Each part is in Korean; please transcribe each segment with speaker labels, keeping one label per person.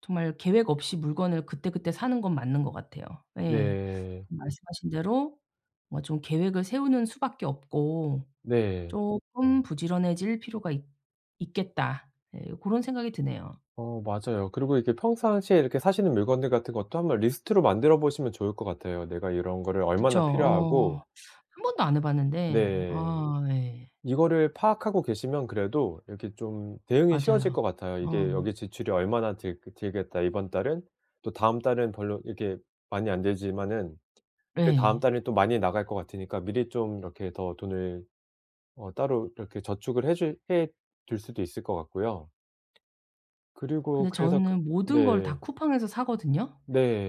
Speaker 1: 정말 계획 없이 물건을 그때그때 사는 건 맞는 것 같아요. 예.
Speaker 2: 네.
Speaker 1: 말씀하신 대로 뭐 좀 계획을 세우는 수밖에 없고
Speaker 2: 네.
Speaker 1: 쪼끔 부지런해질 필요가 있 있겠다. 예 고런 생각이 드네요.
Speaker 2: 어. 맞아요. 그리고 이렇게 평상시에 이렇게 사시는 물건들 같은 것도 1 번 리스트로 만들어보시면 좋을 것 같아요. 내가 이런 거를
Speaker 1: 그쵸.
Speaker 2: 얼마나
Speaker 1: 어
Speaker 2: 필요하고
Speaker 1: 1 번도 안 해 봤는데
Speaker 2: 네.
Speaker 1: 아. 예.
Speaker 2: 이거를 파악하고 계시면 그래도 이렇게 좀 대응이 쉬워질
Speaker 1: 맞아요.
Speaker 2: 것 같아요.
Speaker 1: 어.
Speaker 2: 이게 여기 지출이 얼마나 들 들겠다 이번 달은. 또 다음 달은 별로 이렇게 많이 안 들지만은 그다음
Speaker 1: 네.
Speaker 2: 달에 또 많이 나갈 것 같으니까 미리 좀 이렇게 더 돈을 어 따로 이렇게 저축을 해 줄 해 둘 수도 있을 것 같고요. 그리고
Speaker 1: 근데
Speaker 2: 그래서 그
Speaker 1: 저는 모든 걸 다
Speaker 2: 네.
Speaker 1: 쿠팡에서 사거든요.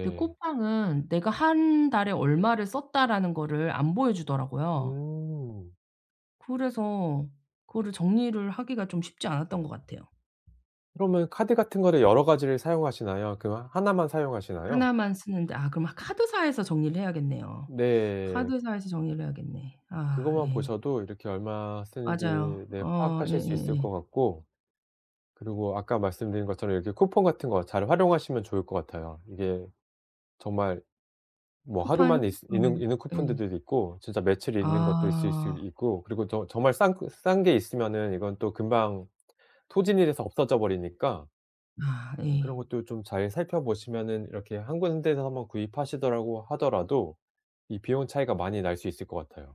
Speaker 1: 근데 쿠팡은 내가 1 달에 얼마를 썼다라는 거를 안 보여주더라고요.
Speaker 2: 음.
Speaker 1: 그래서 그거를 정리를 하기가 좀 쉽지 않았던 것 같아요.
Speaker 2: 그러면 카드 같은 거를 여러 가지를 사용하시나요? 그거 하나만 사용하시나요?
Speaker 1: 하나만 쓰는데 아 그럼 카드사에서 정리를 해야겠네요.
Speaker 2: 네.
Speaker 1: 카드사에서 정리를 해야겠네. 아
Speaker 2: 그것만
Speaker 1: 예.
Speaker 2: 보셔도 이렇게 얼마 쓰는지
Speaker 1: 맞아요.
Speaker 2: 네
Speaker 1: 어
Speaker 2: 파악하실 수 있을
Speaker 1: 예예예.
Speaker 2: 것 같고 그리고 아까 말씀드린 것처럼 이렇게 쿠폰 같은 거 잘 활용하시면 좋을 것 같아요. 이게 정말 뭐 하루
Speaker 1: 쿠팡
Speaker 2: 만에 있스 있는
Speaker 1: 음.
Speaker 2: 있는
Speaker 1: 예.
Speaker 2: 쿠폰들도 있고 진짜 며칠 있는 것도 있을 수
Speaker 1: 아.
Speaker 2: 있고 그리고 저 정말 싼 싼 게 있으면은 이건 또 금방 소진이 돼서 없어져 버리니까.
Speaker 1: 아.
Speaker 2: 그런
Speaker 1: 예.
Speaker 2: 것도 좀 잘 살펴보시면은 이렇게 1 군데서 1 번 구입하시더라고 하더라도 이 비용 차이가 많이 날 수 있을 것 같아요.